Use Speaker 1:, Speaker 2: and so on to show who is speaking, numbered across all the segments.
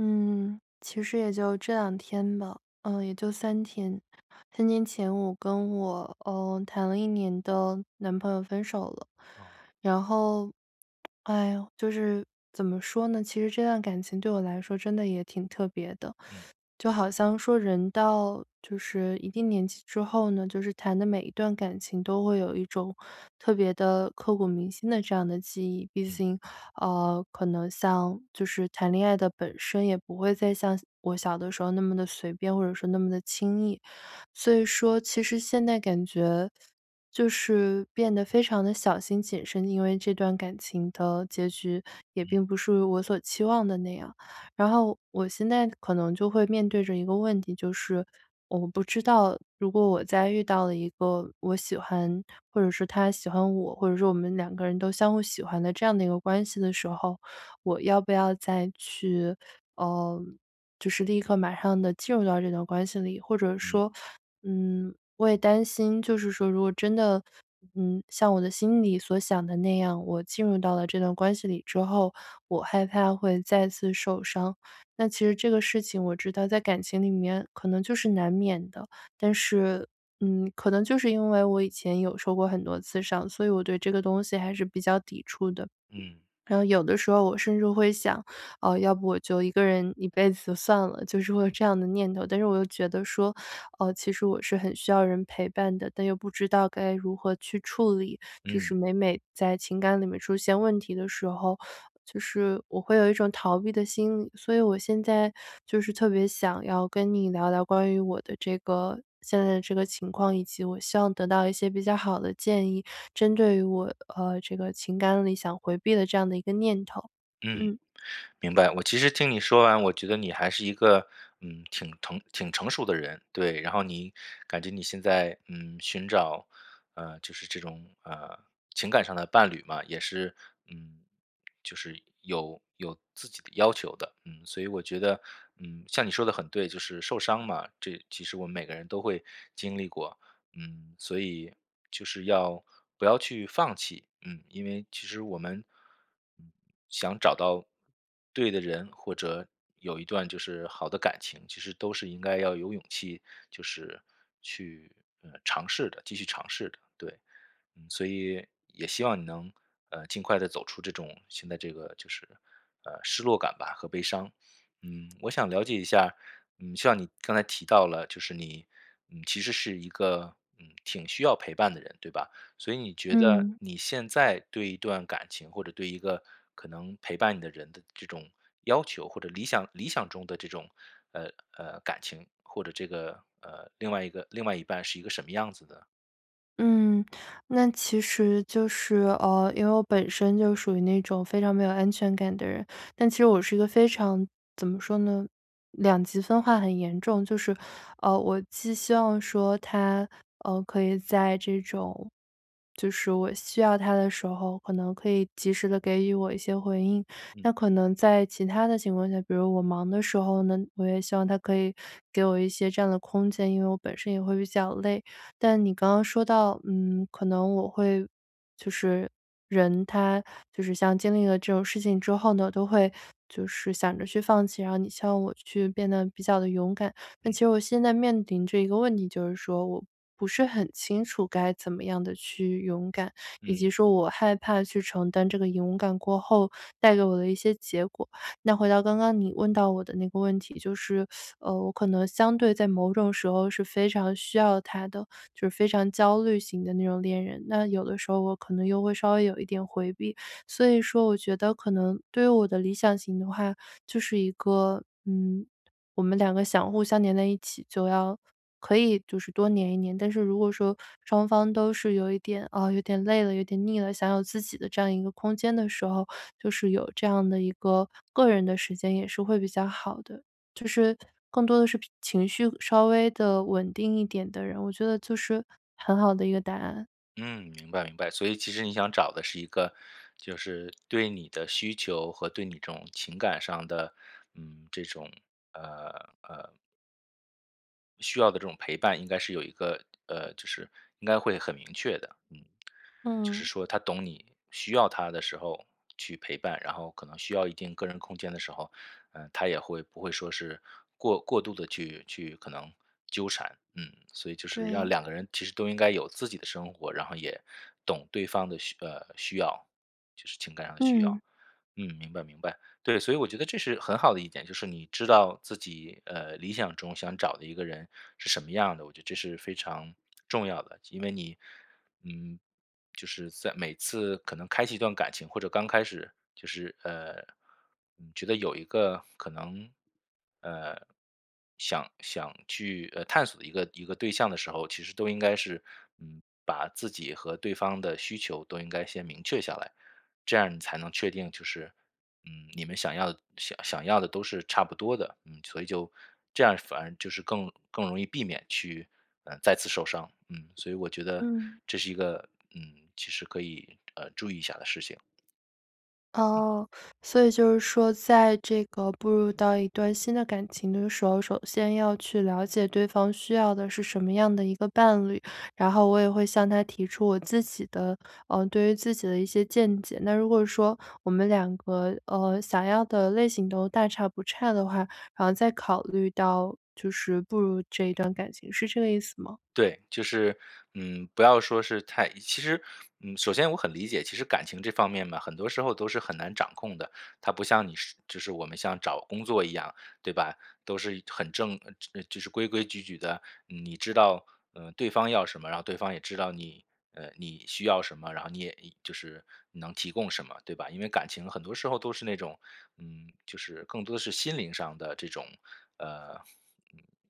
Speaker 1: 嗯，其实也就这两天吧，嗯，也就3天3天前我跟我，呃，谈了1年的，男朋友分手了。
Speaker 2: 哦。
Speaker 1: 然后，哎哟，就是，怎么说呢，其实这段感情对我来说真的也挺特别的。
Speaker 2: 嗯。
Speaker 1: 就好像说人到，就是一定年纪之后呢，就是谈的每一段感情都会有一种特别地刻骨铭心的这样的记忆。毕
Speaker 2: 嗯。
Speaker 1: 竟，呃，可能像就是谈恋爱的本身，也不会再像小我小的时候那么地随便，或者说那么地轻易。所以说其实现在感觉，就是变得非常地小心谨慎，因为这段感情的结局也
Speaker 2: 嗯。
Speaker 1: 并不属于我所期望的那样。然后我现在可能就会面对着一个问题，就是，我不知道，如果我再遇到了一个我喜欢或者说他喜欢我，或者说我们两个人都相互喜欢的这样的一个关系的时候。我要不要再去，呃，就是立刻、马上地进入到这段关系里。或者
Speaker 2: 嗯。
Speaker 1: 说，嗯，我也担心，就是说如果真的，嗯，像我的心里所想的那样，我进入到了这段关系里之后，我害怕会再次受伤。那其实这个事情我知道在感情里面可能就是难免的，但是，嗯，可能就是因为我以前有受过很多次伤，所以我对这个东西还是比较抵触的。
Speaker 2: 嗯。
Speaker 1: 然后有的时候我甚至会想，呃，要不我就一个人一辈子算了，就是会有这样的念头。但是我又觉得说，呃，其实我是很需要人陪伴的，但又不知道该如何去处理。就
Speaker 2: 嗯。
Speaker 1: 是每每在情感里面出现问题的时候，就是我会有一种逃避的心理，所以我现在就是特别想要跟你聊聊关于我的这个现在的这个情况，以及我希望得到一些比较好的建议针对于我，呃，这个情感里想回避的这样的一个念头。
Speaker 2: 嗯，
Speaker 1: 嗯。
Speaker 2: 明白。我其实听你说完，我觉得你还是一个，嗯，挺疼挺成熟的人。对，然后你感觉你现在，嗯，寻找，呃，就是这种，呃，情感上的伴侣嘛，也是，嗯，就是有有自己的要求的。嗯，所以我觉得，嗯，像你说得很对，就是受伤嘛，这其实我们每个人都会经历过。嗯，所以就是要不要去放弃，嗯，因为其实我们，嗯，想找到，对的人，或者有一段就是好的感情，其实都是应该要有勇气，就是去，嗯，尝试的，继续尝试的，对。嗯，所以，也希望你能，呃，尽快地走出这种新的这个就是，呃，失落感吧和悲伤。嗯，我想了解一下，嗯，像你刚才提到了，就是你，嗯，其实是一个，嗯，挺需要陪伴的人，对吧？所以你觉得
Speaker 1: 嗯。
Speaker 2: 你现在对一段感情或者对一个可能陪伴你的人的这种要求，或者理想理想中的这种，呃，呃，感情或者这个，呃，另外一个另外一半是一个什么样子的？
Speaker 1: 嗯，那其实就是，呃，因为我本身就属于那种非常没有安全感的人，但其实我是一个非常怎么说呢，两极分化很严重。就是，呃，我既希望说他，呃，可以在这种就是我需要他的时候，可能可以及时的给予我一些回应。
Speaker 2: 嗯。
Speaker 1: 那可能在其它的情况下，比如我忙的时候呢，我也希望他可以给我一些这样的空间，因为我本身也会比较累。但你刚刚说到，嗯，可能我会就是人他就是像经历了这种事情之后呢，都会就是想着去放弃，然后你希望我去变得比较地勇敢。但
Speaker 2: 嗯。
Speaker 1: 其实我现在面临着一个问题，就是说我不是很清楚该怎么样地去勇敢，以及
Speaker 2: 嗯。
Speaker 1: 说我害怕去承担这个勇敢过后带给我的一些结果。那回到刚刚你问到我的那个问题，就是，呃，我可能相对在某种时候是非常需要他的，就非常焦虑型的那种恋人，那有的时候我可能又会稍微有一点回避。所以说我觉得可能对于我的理想型的话就是一个，嗯，我们两个想互相黏在一起，就要可以就是多黏一黏。但是如果说双方都是有一点，啊，有点累了、有点腻了，想有自己的这样一个空间的时候，就是有这样的一个，个人的时间也是会比较好的，就是更多的是脾情绪稍微地稳定一点的人，我觉得就是很好的一个答案。
Speaker 2: 嗯，明白明白。所以其实你想找的是一个，就是对你的需求和对你这种情感上的，嗯，这种呃，呃。需要的这种陪伴应该是有一个呃，就是应该会很明确的，嗯。就是
Speaker 1: 嗯。
Speaker 2: 说他懂你需要他的时候去陪伴，然后可能需要一定个人空间的时候，呃，他也会不会说是过过度地去去可能纠缠。嗯，所以就是要
Speaker 1: 对。
Speaker 2: 两个人其实都应该有自己的生活，然后也懂对方的需呃，需要，就是情感上的需
Speaker 1: 嗯。
Speaker 2: 要。嗯，明白明白，对。所以我觉得这是很好的一点，就是你知道自己，呃，理想中想找的一个人是什么样儿的，我觉得这是非常重要的。就因为你，嗯，就是在每次可能开启一段感情，或者刚开始就是，呃，嗯，觉得有一个可能，呃，想想去，呃，探索的一个一个对象的时候，其实都应该是，嗯，把自己和对方的需求都应该先明确下来。这样你才能确定就是，嗯，你们想要的想想要的都是差不多的，嗯，所以就这样反而就是更更容易避免去，呃，再次受伤，嗯。所以我觉得
Speaker 1: 嗯。
Speaker 2: 这是一个，嗯，其实可以，呃，注意一下的事情。嗯。
Speaker 1: 哦，所以就是说在这个步入到一段新的感情的时候，首先要去了解对方需要的是什么样的一个伴侣。然后我也会向他提出我自己的呃，对于自己的一些见解。那如果说我们两个，呃，想要的类型都大差不差的话，然后再考虑到就是步入这一段感情，是这个意思吗？
Speaker 2: 对，就是，嗯，不要说是太一其实，嗯，首先我很理解，其实感情这方面嘛，很多时候都是很难掌控的。它不像你是就是我们像找工作一样，对吧？都是一很正呃，这，呃，就是规规矩矩的，你知道，呃，对方要什么，然后对方也知道你，呃，你需要什么，然后你也也就是你能提供什么，对吧？因为感情很多时候都是那种，嗯，就是更多的是心灵上的这种，呃，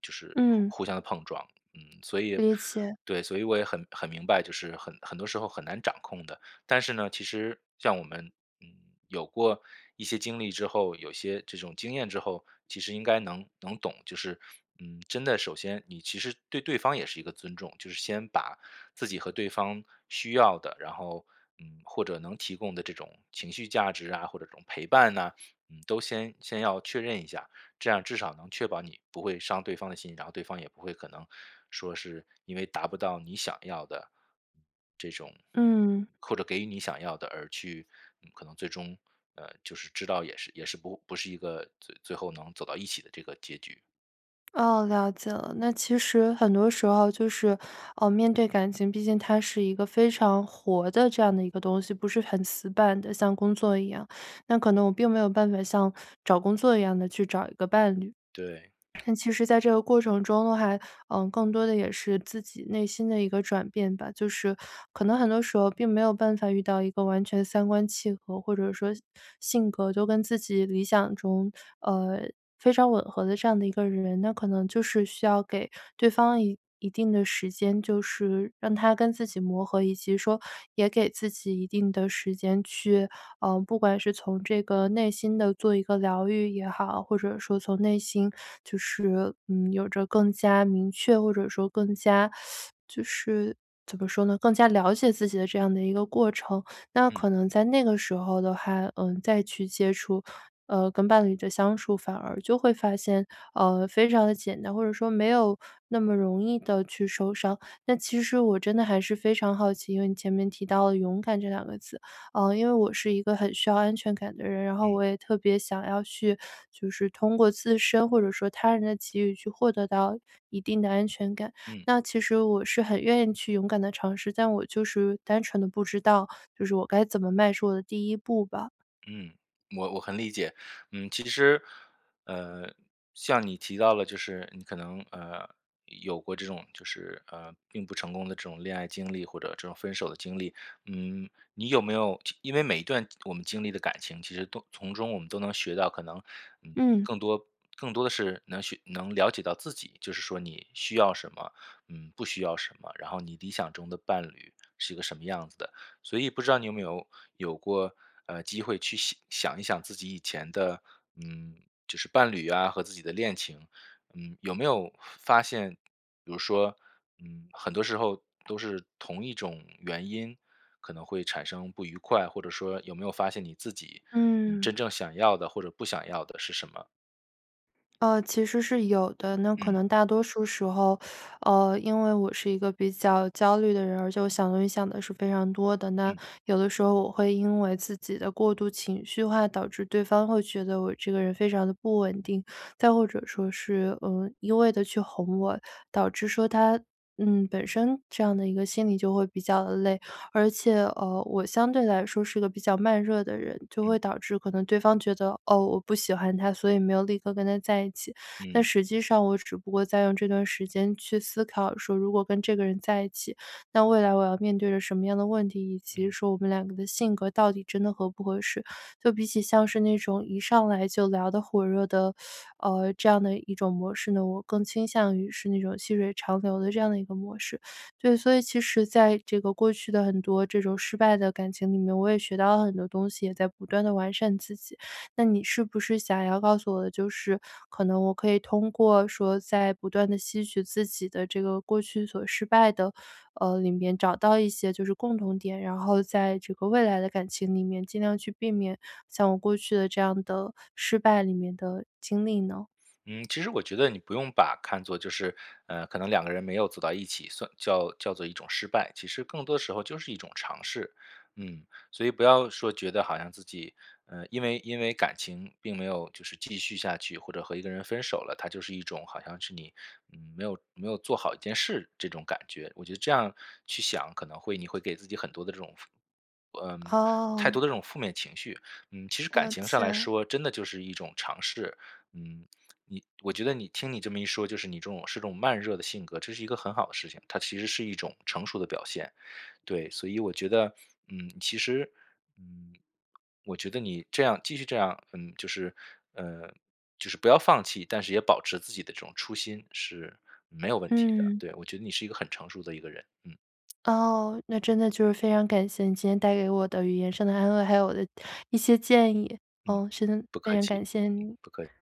Speaker 2: 就是
Speaker 1: 嗯。
Speaker 2: 互相的碰撞，嗯。所以
Speaker 1: 理解。
Speaker 2: 对，所以我也很很明白，就是很很多时候很难掌控的。但是呢，其实像我们，嗯，有过一些经历之后，有些这种经验之后，其实应该能能懂。就是，嗯，真的首先你其实对对方也是一个尊重，就是先把自己和对方需要的，然后，嗯，或者能提供的这种情绪价值啊，或者这种陪伴啊，嗯，都先先要确认一下。这样至少能确保你不会伤对方的心，然后对方也不会可能说是因为达不到你想要的这种
Speaker 1: 嗯。
Speaker 2: 或者给予你想要的，而去，嗯，可能最终，呃，就是知道也是也是不不是一个最最后能走到一起的这个结局。
Speaker 1: 哦，了解了。那其实很多时候就是，呃，面对感情，毕竟它是一个非常活的这样的一个东西，不是很死板的，像工作一样，那可能我并没有办法像找工作一样地去找一个伴侣。
Speaker 2: 对。
Speaker 1: 但其实在这个过程中呢还嗯，更多的也是自己内心的一个转变吧，就是，可能很多时候并没有办法遇到一个完全三观契合，或者说性格都跟自己理想中呃，非常吻合的这样的一个人。那可能就是需要给对方一一定的时间，就是让他跟自己磨合，以及说也给自己一定的时间去，嗯，不管是从这个内心的做一个疗愈也好，或者说从内心就是，嗯，有着更加明确，或者说更加 就是怎么说呢，更加了解自己的这样的一个过程。那
Speaker 2: 嗯。
Speaker 1: 可能在那个时候的话，嗯，再去接触，呃，跟伴侣的相处，反而就会发现，呃，非常地简单，或者说没有那么容易地去受伤。那其实我真的还是非常好奇，因为你前面提到了勇敢这两个字，嗯，因为我是一个很需要安全感的人，然后
Speaker 2: 嗯。
Speaker 1: 我也特别想要去，就是通过自身或者说他人的机遇去获得到，一定的安全感。
Speaker 2: 嗯。
Speaker 1: 那其实我是很愿意去勇敢地尝试，但我就是单纯地不知道就是我该怎么迈出我的第一步吧。
Speaker 2: 嗯，我我很理解。嗯，其实，呃，像你提到了，就是你可能，呃，有过这种就是，呃，并不成功的这种恋爱经历或者这种分手的经历。嗯，你有没有，就因为每一段我们经历的感情，其实都从中我们都能学到，可能，嗯，
Speaker 1: 嗯。
Speaker 2: 更多更多的是能学能了解到自己，就是说你需要什么？嗯，不需要什么？然后你理想中的伴侣是一个什么样子的？所以不知道你有没有，有过，呃，机会去想想一想自己以前的，嗯，就是伴侣啊和自己的恋情？嗯，有没有发现比如说，嗯，很多时候都是同一种原因，可能会产生不愉快，或者说有没有发现你自己，嗯
Speaker 1: 嗯。
Speaker 2: 真正想要的或者不想要的是什么？
Speaker 1: 呃，其实是有的。那可
Speaker 2: 嗯。
Speaker 1: 能大多数时候，呃，因为我是一个比较焦虑的人，而且我想东西想得是非常多的，那
Speaker 2: 嗯。
Speaker 1: 有的时候我会因为自己的过度情绪化导致对方会觉得我这个人非常地不稳定，再或者说是，呃，一味地去哄我，导致说他嗯，本身，这样的一个心理就会比较累。而且，呃，我相对来说是一个比较慢热的人，就
Speaker 2: 嗯。
Speaker 1: 会导致可能对方觉得：“哦，我不喜欢他，所以没有立刻跟他在一起。”但
Speaker 2: 嗯。
Speaker 1: 实际上我只不过在用这段时间去思考说：“如果跟这个人在一起，那未来我要面对着什么样的问题，以及
Speaker 2: 嗯。
Speaker 1: 说我们两个的性格到底真的合不合适？”就比起像是那种一上来就聊得火热的，呃，这样的一种模式呢，我更倾向于是那种细水长流的这样的一个模式。对，所以其实在这个过去的很多这种失败的感情里面，我也学到了很多东西，也在不断地完善自己。那你是不是想要告诉我的，就是可能我可以通过说在不断地吸取自己的这个过去所失败的，呃，里面找到一些就是共同点，然后在这个未来的感情里面尽量去避免像我过去的这样的，失败里面的经历呢？
Speaker 2: 嗯，其实我觉得你不用把看作就是，呃，可能两个人没有走到一起，算叫叫做一种失败，其实更多时候就是一种尝试。嗯，所以不要说觉得好像自己，呃，因为因为感情并没有就是继续下去，或者和一个人分手了，它就是一种好像是你，嗯，没有没有做好一件事，这种感觉。我觉得这样去想，可能会你会给自己很多的这种负嗯，太
Speaker 1: 哦。
Speaker 2: 多的这种负面情绪，嗯，其实感
Speaker 1: 道
Speaker 2: 情上来
Speaker 1: 歉。
Speaker 2: 说真的就是一种尝试。嗯，你我觉得你听你这么一说，就是你这种是种慢热的性格，这是一个很好的事情，它其实是一种成熟的表现。对，所以我觉得，嗯，其实，嗯，我觉得你这样继续这样嗯，就是，呃，就是不要放弃，但是也保持自己的这种初心是没有问题的，
Speaker 1: 嗯。
Speaker 2: 对，我觉得你是一个很成熟的一个人，嗯。
Speaker 1: 哦。那真的就是非常感谢你今天带给我的语言上的安慰，还有我的一些建议，
Speaker 2: 嗯，
Speaker 1: 嗯，是真的
Speaker 2: 不
Speaker 1: 非
Speaker 2: 客
Speaker 1: 常
Speaker 2: 气，
Speaker 1: 感谢
Speaker 2: 嗯，
Speaker 1: 你。
Speaker 2: 不客气。